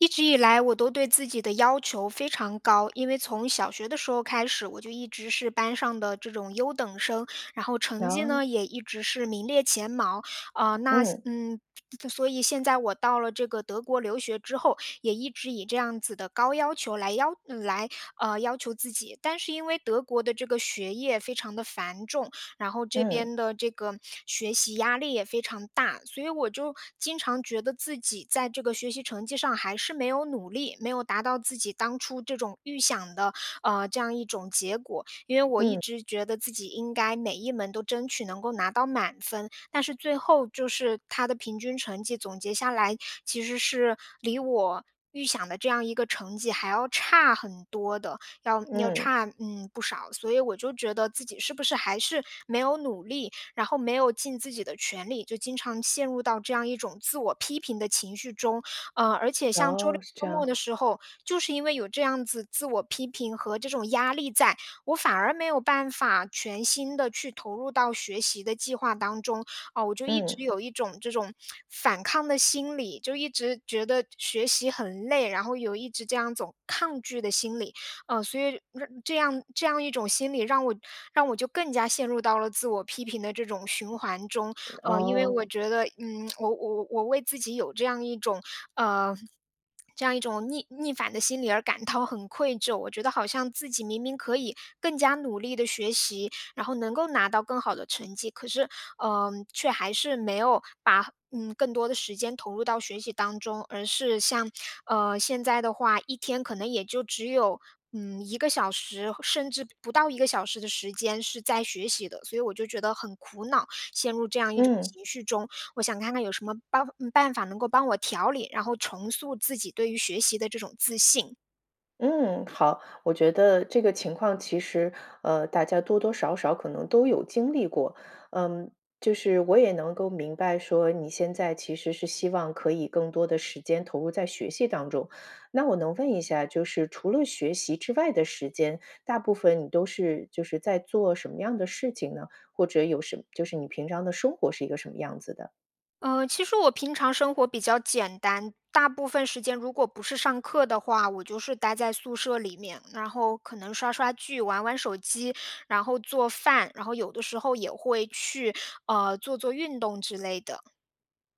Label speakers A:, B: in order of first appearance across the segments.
A: 一直以来我都对自己的要求非常高。因为从小学的时候开始，我就一直是班上的这种优等生。然后成绩
B: 能
A: 呢，也一直是名列前茅。啊，那现
B: 嗯。
A: 嗯，所所以现在我到了这个德国留学之后，也一直以这样子的高要求来要呃，来呃，要求自己。但是因为德国的这个学业非常地繁重，然后这
B: 嗯。
A: 边的这个学习压力也非常大。所以我就经常觉得自己在这个学习成绩上还是没有努力，没有达到自己当初这种预想的，呃，这样一种结果。因为我一
B: 嗯。
A: 直觉得自己应该每一门都争取能够拿到满分。但是最后就是它的平均成绩总结下来，其实是离我预想的这样一个成绩还要差很多的，要要
B: 嗯。
A: 差，嗯，不少。所以我就觉得自己是不是还是没有努力，然后没有尽自己的全力，就经常陷入到这样一种自我批评的情绪中。呃，而且像周六
B: 哦，是这
A: 周末
B: 样。
A: 的时候，就是因为有这样子自我批评和这种压力在，我反而没有办法全心地去投入到学习的计划当中。啊，我就一
B: 嗯。
A: 直有一种这种反抗的心理，就一直觉得学习很累，然后有一直这样一种抗拒的心理。呃，所以这样这样一种心理，让我让我就更加陷入到了自我批评的这种循环中。呃，因为
B: 哦。
A: 我觉得，嗯，我我我为自己有这样一种，呃，这样一种逆逆反的心理而感到很愧疚。我觉得好像自己明明可以更加努力地学习，然后能够拿到更好的成绩。可是，呃，却还是没有把，嗯，更多的时间投入到学习当中，而是像，呃，现在的话，一天可能也就只有，嗯，1个小时，甚至不到1个小时的时间是在学习的。所以我就觉得很苦恼，陷入这样一种
B: 嗯。
A: 情绪中，我想看看有什么办呃，办法能够帮我调理，然后重塑自己对于学习的这种自信。
B: 嗯，好。我觉得这个情况其实，呃，大家多多少少可能都有经历过。嗯，就是我也能够明白说，你现在其实是希望可以更多的时间投入在学习当中，那我能问一下，就是除了学习之外的时间，大部分你都是就是在做什么样的事情呢？或者有什就是你平常的生活是一个什么样子的？
A: 呃，其实我平常生活比较简单。大部分时间如果不是上课的话，我就是待在宿舍里面，然后可能刷刷剧，玩玩手机，然后做饭，然后有的时候也会去，呃，做做运动之类的。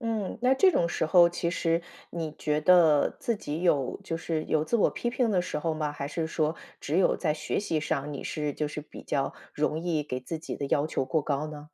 B: 嗯。那这种时候其实你觉得自己有就是有自我批评的时候吗？还是说只有在学习上，你是就是比较容易给自己的要求过高呢？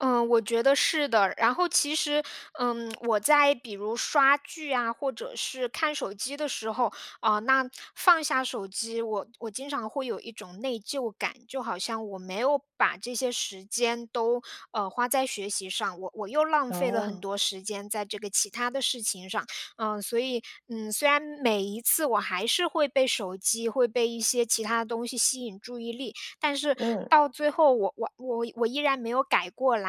A: 呃，我觉得是的。然后其实，嗯，我在比如刷剧啊，或者是看手机的时候，呃，那放下手机，我我经常会有一种内疚感。就好像我没有把这些时间都，呃，花在学习上，我我又浪费了很
B: 哦。
A: 多时间在这个其他的事情上。嗯，所以嗯，虽然每一次我还是会被手机，会被一些其他的东西吸引注意力，但是
B: 嗯。
A: 到最后我我我我依然没有改过来。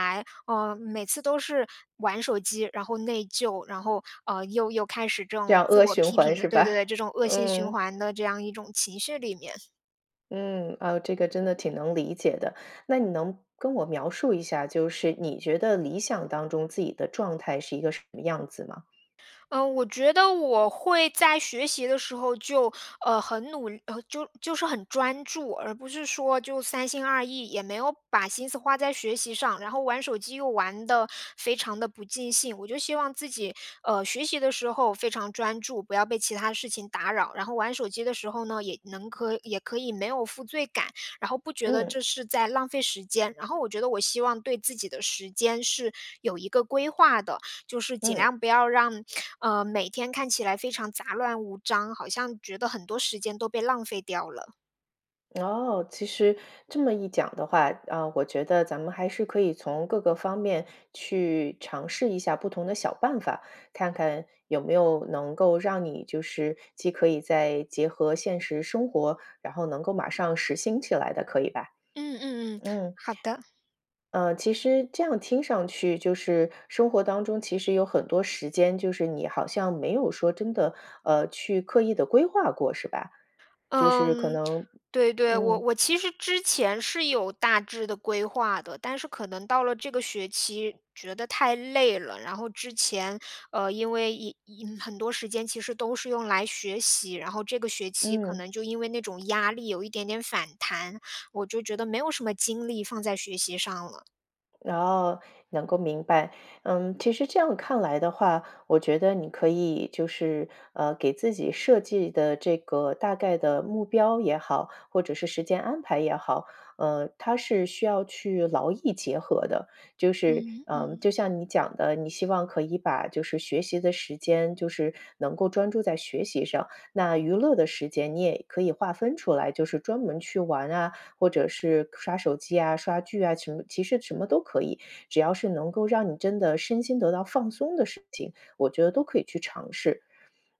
A: 呃，每次都是玩手机，然后内疚，然后，呃，又又开始这
B: 这
A: 种
B: 样
A: 自
B: 恶
A: 我
B: 循
A: 批评
B: 环
A: 的
B: 是
A: 对对
B: 吧？
A: 对，这种恶性循
B: 嗯。
A: 环的这样一种情绪里面。
B: 嗯，啊，这个真的挺能理解的。那你能跟我描述一下，就是你觉得理想当中自己的状态是一个什么样子吗？
A: 呃，我觉得我会在学习的时候，就，呃，很努呃就就是很专注，而不是说就三心二意，也没有把心思花在学习上，然后玩手机又玩得非常地不尽兴。我就希望自己，呃，学习的时候非常专注，不要被其它事情打扰。然后玩手机的时候呢，也能可也可以没有负罪感，然后不觉得
B: 嗯。
A: 这是在浪费时间。然后我觉得我希望对自己的时间是有一个规划的，就是尽
B: 嗯。
A: 量不要让，呃，每天看起来非常杂乱无章，好像觉得很多时间都被浪费掉了。
B: 哦，其实这么一讲的话嗯，我觉得咱们还是可以从各个方面去尝试一下不同的小办法，看看有没有能够让你就是既可以再结合现实生活，然后能够马上实行起来的，可以吧？
A: 嗯嗯嗯，
B: 嗯
A: 好的。
B: 呃，其实这样听上去就是生活当中其实有很多时间，就是你好像没有说真的，呃，去刻意地规划过是吧？就是可
A: 嗯，
B: 能
A: 对对。我
B: 嗯。
A: 我其实之前是有大致的规划的，但是可能到了这个学期，觉得太累了。然后之前，呃，因为因因很多时间其实都是用来学习，然后这个学期可
B: 嗯。
A: 能就因为那种压力有一点点反弹，我就觉得没有什么精力放在学习上了。
B: 哦，能够明白。嗯，其实这样看来的话，我觉得你可以就是，呃，给自己设计的这个大概的目标也好、或者是时间安排也好，嗯，它是需要去劳逸结合的。就是，
A: 嗯，
B: 呃，
A: 嗯。
B: 就像你讲的，你希望可以把就是学习的时间就是能够专注在学习上，那娱乐的时间你也可以划分出来，就是专门去玩啊，或者是刷手机啊、刷剧啊，晴其实什么都可以。只要是能够让你真的身心得到放松的事情，我觉得都可以去尝试。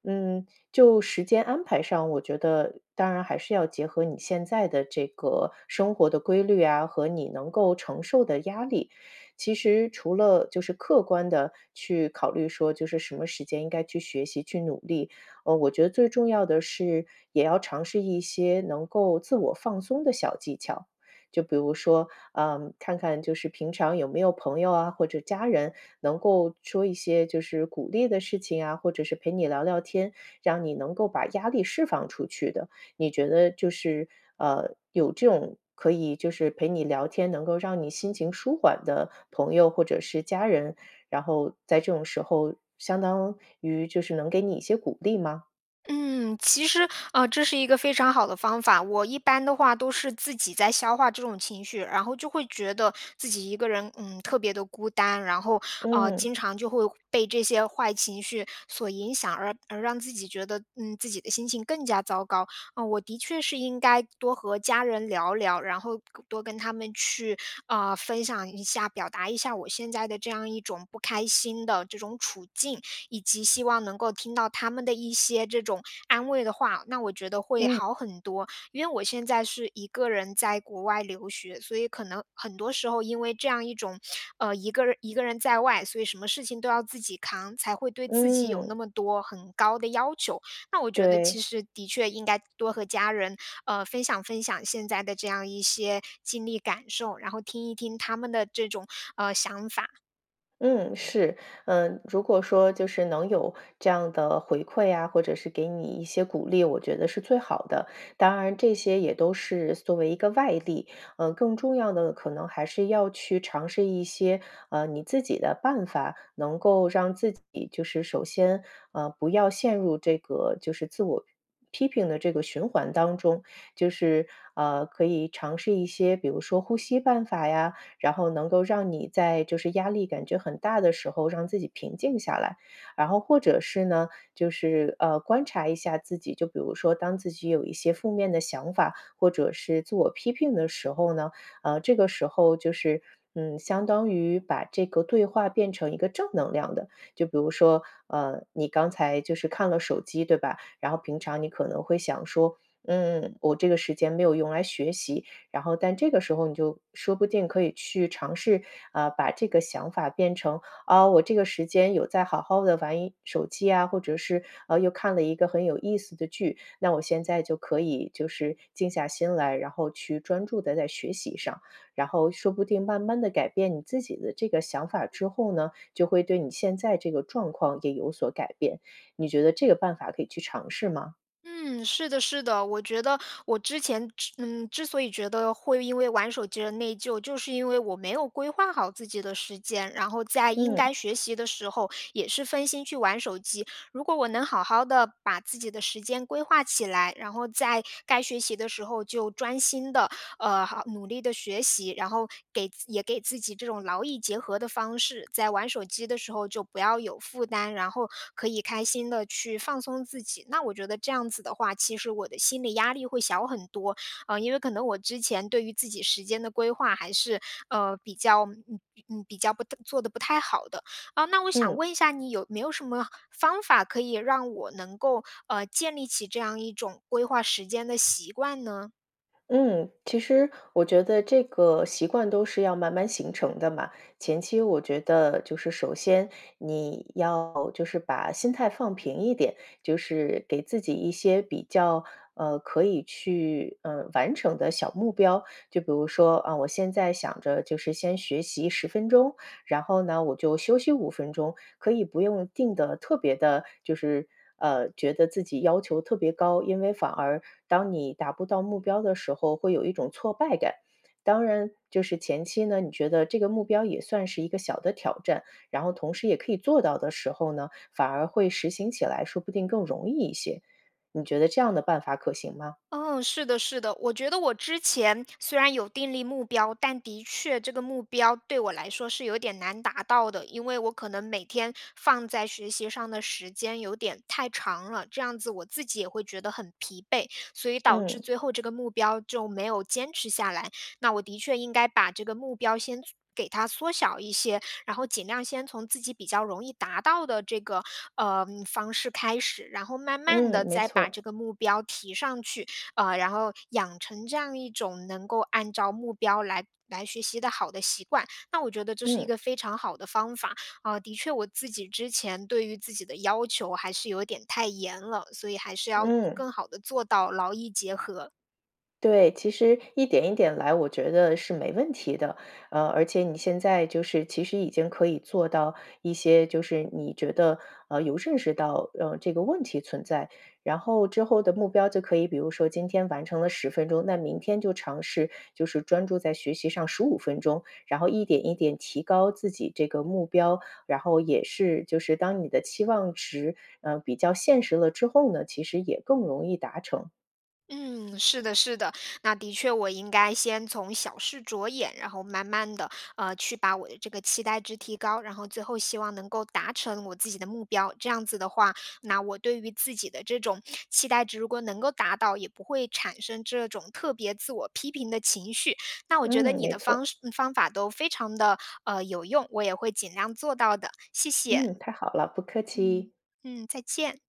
B: 嗯，就时间安排上，我觉得当然还是要结合你现在的这个生活的规律啊、和你能够承受的压力。其实除了就是客观地去考虑说，就是什么时间应该去学习、去努力。呃，我觉得最重要的是，也要尝试一些能够自我放松的小技巧。就比如说，呃，看看就是平常有没有朋友啊，或者家人能够说一些就是鼓励的事情啊、或者是陪你聊聊天，让你能够把压力释放出去的。你觉得就是，呃，有这种可以就是陪你聊天、能够让你心情舒缓的朋友或者是家人，然后在这种时候相当于就是能给你一些鼓励吗？
A: 嗯，其实，呃，这是一个非常好的方法。我一般的话都是自己在消化这种情绪，然后就会觉得自己一个人，嗯，特别的孤单，然后，啊，经
B: 嗯。
A: 常就会被这些坏情绪所影响，而而让自己觉得，嗯，自己的心情更加糟糕，呃，我的确是应该多和家人聊聊，然后跟多跟他们去，呃，分享一下，表达一下我现在的这样一种不开心的这种处境，以及希望能够听到他们的一些这种安慰的话，那我觉得会
B: 嗯。
A: 好很多。因为我现在是一个人在国外留学，所以可能很多时候因为这样一种，呃，一个一个人在外，所以什么事情都要自己扛，才会对自己有那
B: 嗯。
A: 么多很高的要求，那我觉得其
B: 对。
A: 实的确应该多和家人，呃，分享分享现在的这样一些经历感受，然后听一听他们的这种，呃，想法。
B: 嗯，是。呃，如果说就是能有这样的回馈啊，或者是给你一些鼓励，我觉得是最好的。当然这些也都是作为一个外力，呃，更重要的可能还是要去尝试一些，啊，你自己的办法，能够让自己就是首先，呃，不要陷入这个就是自我批评的这个循环当中，就是，呃，可以尝试一些，比如说呼吸办法呀，然后能够让你在就是压力感觉很大的时候让自己平静下来。然后或者是呢，就是，呃，观察一下自己，就比如说，当自己有一些负面的想法，或者是自我批评的时候呢，啊，这个时候就是，嗯，相当于把这个对话变成一个正能量的。就比如说，呃，你刚才就是看了手机，对吧？然后平常你可能会想说：“嗯，我这个时间没有用来学习“。然后但这个时候你就说不定可以去尝试，啊，把这个想法变成：“啊，我这个时间有在好好地玩手机呀，或者是，呃，又看了一个很有意思的剧，那我现在就可以就是静下心来，然后去专注地在学习上”。然后说不定慢慢地改变你自己的这个想法之后呢，就会对你现在这个状况也有所改变，你觉得这个办法可以去尝试吗？
A: 嗯，是的是的。我觉得我之前，之嗯，之所以觉得会因为玩手机而内疚，就是因为我没有规划好自己的时间，然后在应
B: 嗯。
A: 该学习的时候，也是分心去玩手机，如果我能好好地把自己的时间规划起来，然后在该学习的时候，就专心地，呃，好努力地学习，然后给也给自己这种劳逸结合的方式。在玩手机的时候就不要有负担，然后可以开心地去放松自己。那我觉得这样子的话，其实我的心理压力会小很多，啊，因为可能我之前对于自己时间的规划还是，呃，比较，嗯，嗯，比较不太做得不太好的。呃，那我想
B: 嗯。
A: 问一下你有没有什么方法可以让我能够，呃，建立起这样一种规划时间的习惯呢？
B: 嗯，其实，我觉得这个习惯都是要慢慢形成的嘛。前期我觉得就是首先，你要就是把心态放平一点，就是给自己一些比较，呃，可以去，呃，完成的小目标。就比如说，啊，我现在想着就是先学习10分钟，然后呢我就休息5分钟。可以不用定得特别地就是，呃，觉得自己要求特别高，因为反而当你达不到目标的时候，会有一种挫败感。当然就是前期呢，你觉得这个目标也算是一个小的挑战，然后同时也可以做到的时候呢，反而会实行起来，说不定更容易一些，你觉得这样的办法可行吗？
A: 哦，是的是的。我觉得我之前虽然有订立目标，但的确这个目标对我来说是有点难达到的。因为我可能每天放在学习上的时间有点太长了，这样子我自己也会觉得很疲惫，所以导致
B: 嗯。
A: 最后这个目标就没有坚持下来。那我的确应该把这个目标先做给它缩小一些，然后尽量先从自己比较容易达到的这个，呃，方式开始，然后慢慢地
B: 嗯，没
A: 再把这
B: 错。
A: 个目标提上去。呃，然后养成这样一种能够按照目标来来学习的好的习惯。那我觉得这是一
B: 嗯。
A: 个非常好的方法。啊，的确我自己之前对于自己的要求还是有点太严了，所以还是要做
B: 嗯。
A: 更好地做到劳逸结合。
B: 对，其实一点一点来，我觉得是没问题的。呃，而且你现在就是其实已经可以做到一些就是你觉得，呃，有认识到，嗯，这个问题存在。然后之后的目标就可以比如说今天完成了10分钟，那明天就尝试就是专注在学习上15分钟，然后一点一点提高自己这个目标。然后也是，就是当你的期望值，呃，比较现实了之后呢，其实也更容易达成。
A: 嗯，是的是的。那的确我应该先从小事着眼，然后慢慢地，呃，去把我的这个期待值提高，然后最后希望能够达成我自己的目标。这样子的话，那我对于自己的这种期待值如果能够达到，也不会产生这种特别自我批评的情绪。那我觉得
B: 嗯，
A: 你
B: 没
A: 的方
B: 错。
A: 式嗯，方法都非常地，呃，有用，我也会尽量做到的，谢谢。
B: 嗯，太好了，不客
A: 嗯，
B: 气。
A: 嗯，再见。